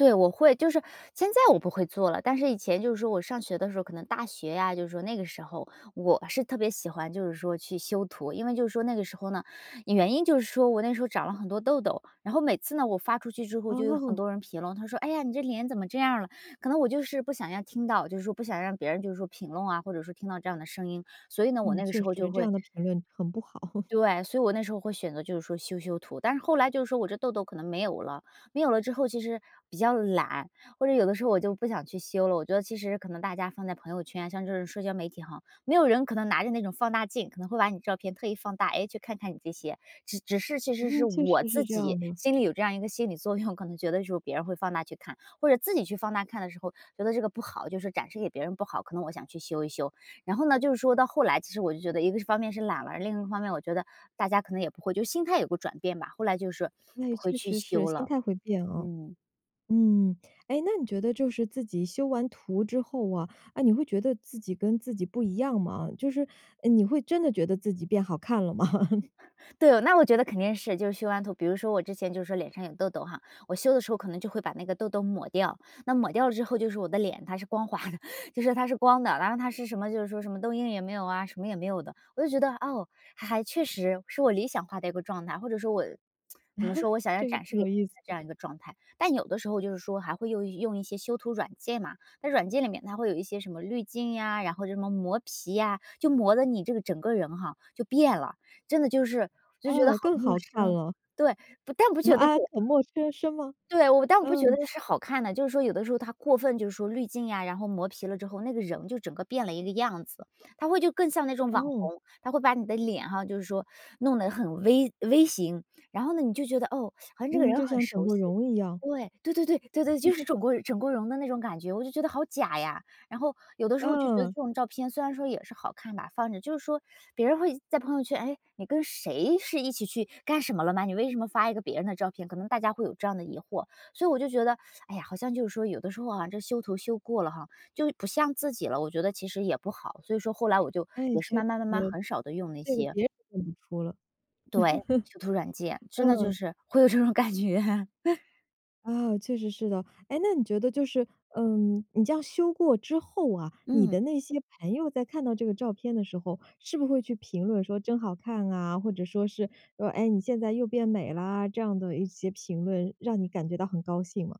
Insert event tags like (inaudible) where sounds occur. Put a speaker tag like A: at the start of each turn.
A: 对，我会。就是现在我不会做了，但是以前就是说我上学的时候，可能大学啊，就是说那个时候，我是特别喜欢就是说去修图。因为就是说那个时候呢，原因就是说我那时候长了很多痘痘，然后每次呢我发出去之后就有很
B: 哦。
A: 多人评论，他说：“哎呀，你这脸怎么这样儿了？”可能我就是不想要听到，就说不想让别人就说评论啊，或者说听到这样的声音。所以呢，我
B: 嗯，
A: 那个
B: 确
A: 时候就
B: 实，这
A: 会
B: 样的评论很不好。(laughs)
A: 对，所以我那时候会选择就是说修修图。但是后来就是说我这痘痘可能没有了，没有了之后其实比较懒，或者有的时候我就不想去修了。我觉得其实可能大家放在朋友圈，像这种社交媒体吼，没有人可能拿着那种放大镜，可能会把你的照片特意放大，诶，去看看你这些。只只是其实
B: 嗯，
A: 是
B: 确
A: 我
B: 实是
A: 自
B: 这样
A: 己
B: 的。
A: 心里有这样一个心理作用，可能觉得就是别人会放大去看，或者自己去放大看的时候觉得这个不好，就说展示给别人不好，可能我想去修一修。然后呢，就是说到后来其实我就觉得一个方面是懒了，另一方面我觉得，大家可能也不会就是心态有个转变吧，后来就是说
B: 那也
A: 不会
B: 确
A: 去
B: 实是，
A: 修
B: 心
A: 了，
B: 态会变哦。
A: 嗯。
B: 嗯，诶，那你觉得就是自己修完图之后啊，啊，你会觉得自己跟自己不一样吗？就是，呃，你会真的觉得自己变好看了吗？
A: (chuckles)
B: (laughs)
A: 对，那我觉得肯定是就是修完图比如说我之前就是说脸上有痘痘哈，我修的时候可能就会把那个痘痘抹掉，那抹掉了之后就是我的脸它是光滑的，就说它是光的，然后它是什么就是说什么痘印也没有啊，什么也没有的。我就觉得，哦，还还确实是我理想化的一个状态，或者说我，(tsk) 怎么说，
B: (chuckles)
A: 我想要
B: 这个
A: 展
B: 挺
A: 示给
B: 有
A: 别
B: 意
A: 人
B: 思
A: 的这
B: 的。
A: 样一个状态。但有的时候就是说还会用用一些修图软件嘛，在软件里面它会有一些什么滤镜呀，然后什么磨皮呀，就磨得你这个整个人哈，就变了，真的就是就觉得
B: 啊，
A: 好
B: 更
A: 陌
B: 好看
A: 生
B: 了。
A: 对，不但不觉得
B: 啊，
A: 就
B: 很陌生生吗？
A: 对，我但我不觉
B: 嗯。
A: 得是好看的，就是说有的时候它过分就是说滤镜呀，然后磨皮了之后，那个人就整个变了一个样子，他会就更像那种网
B: 哦。
A: 红。它会把你的脸哈，就是说弄得很 V V 型，然后呢，你就觉得，哦，(sucks teeth) 好像这个
B: 嗯，
A: 人
B: 就
A: 很
B: 像整
A: 熟
B: 过
A: 悉。
B: 容一样。
A: 对，对对对对对，就是
B: (laughs)
A: 整过容整过容的那种感觉，我就觉得好假呀。然后，有的时候就觉得
B: 嗯。
A: 这种照片虽然说也是好看吧，放着，就是说，别人会在朋友圈：“诶，你跟谁是一起去干什么了吗？你为什么发一个别人的照片？”可能大家会有这样的疑惑。所以我就觉得，哎呀，好像就是说有的时候啊，这修图修过了哈，就不像自己了，我觉得其实也不好。所以说后来我就
B: 哎，
A: 也是
B: 确实。
A: 慢慢慢慢很少地用那
B: 这个
A: 些。
B: 别人认不出了。
A: 对，修图软件，
B: (laughs)
A: 真的就
B: 嗯。
A: 是会有这种感觉。(laughs)
B: 啊，确实是的。诶，那你觉得就是，呃，你这样修过之后啊，你
A: 嗯。
B: 的那些朋友在看到这个照片的时候，是不是会去评论说“真好看啊”，或者说是说“哎，你现在又变美啦”这样的一些评论，让你感觉到很高兴吗？